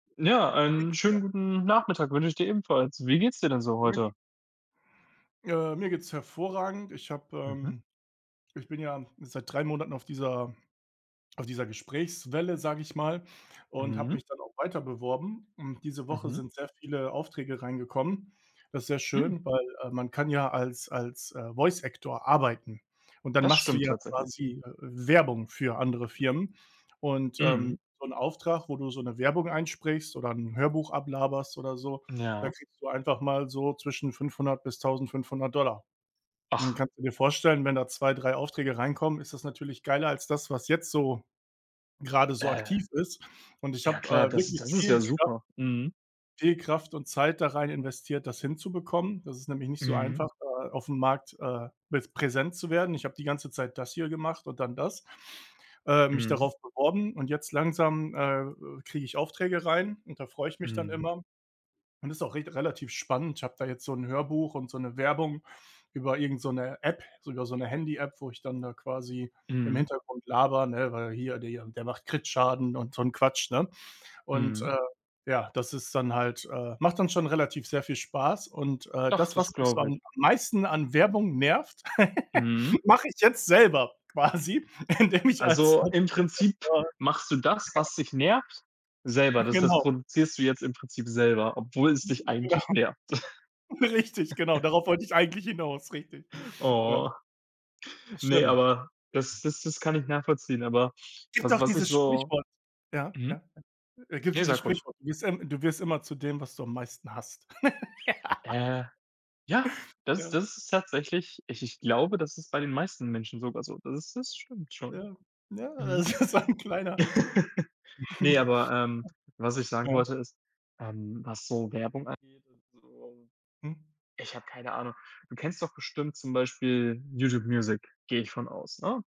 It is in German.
Ja, Wie geht's einen dir? schönen guten Nachmittag wünsche ich dir ebenfalls. Wie geht's dir denn so [unintelligible] heute? Äh, mir geht's hervorragend. Ich habe, Mhm. ähm ich bin ja seit 3 Monaten auf dieser auf dieser Gesprächswelle, sage ich mal, und habe Mhm. mich dann auch weiter beworben und diese Woche Mhm. sind sehr viele Aufträge reingekommen. Das ist sehr Hm. schön, weil, äh, man kann ja als als, äh, Voice Actor arbeiten und dann Das machst du stimmt ja tatsächlich. quasi, äh, äh, Werbung für andere Firmen und, Mhm. ähm, so 'n Auftrag, wo du so 'ne Werbung einsprichst oder 'n Hörbuch ablaberst oder so, da Ja. kriegst du einfach mal so zwischen 500 bis 1500 $. Und dann Och. kannst du dir vorstellen, wenn da 2, 3 Aufträge reinkommen, ist das natürlich geiler als das, was jetzt so grade so Äh. aktiv ist und ich Ja, habe, klar, äh, das ist wirklich das ist ja viel Kraft super, mhm. viel Kraft und Zeit da rein investiert, das hinzubekommen. Das ist nämlich nicht so Mhm. einfach, äh, auf'm Markt, äh, mit präsent zu werden. Ich habe die ganze Zeit das hier gemacht und dann das, äh, mich Mhm. darauf beworben und jetzt langsam, äh, kriege ich Aufträge rein und da freue ich mich dann Mhm. immer und ist auch richt relativ spannend. Ich habe da jetzt so 'n Hörbuch und so 'ne Werbung über irgend so 'ne App, sogar so 'ne Handy-App, wo ich dann da quasi im Mhm. Hintergrund labere, ne? Weil hier, die der macht Krit-Schaden und so 'n Quatsch, ne? Und, Mhm. äh, ja, das ist dann halt, äh macht dann schon relativ sehr viel Spaß und, äh, Doch, das, was das mich so glaube am ich. am meisten an Werbung nervt, Mhm. mache ich jetzt selber quasi, indem ich als Also, als im Voice Prinzip Actor machst du das, was dich nervt, selber. Das das Genau. produzierst du jetzt im Prinzip selber, obwohl es dich Mhm, genau. eigentlich nervt. Richtig, genau, darauf wollte ich eigentlich hinaus, richtig. Ja. Oh. Ne, Schlimm. aber das das das kann ich nachvollziehen, aber Gibt was doch was ich dieses so Sprichwort. Ja, mhm. ja, äh. Gibt Ne, dieses sag ruhig. Sprichwort: „Du wirst im du wirst immer zu dem, was du am meisten hasst.“ Äh, ja, das Ja. das ist tatsächlich ich ich glaube, das ist bei den meisten Menschen sogar so. Das ist das stimmt schon. Ja. Ja, Mhm. das ist so 'n kleiner Ne, aber, ähm, was ich sagen Ja. wollte, ist, ähm, was so Werbung angeht und so. Mhm. Ich habe keine Ahnung. Du kennst doch bestimmt zum Beispiel YouTube Music, gehe ich von aus, ne?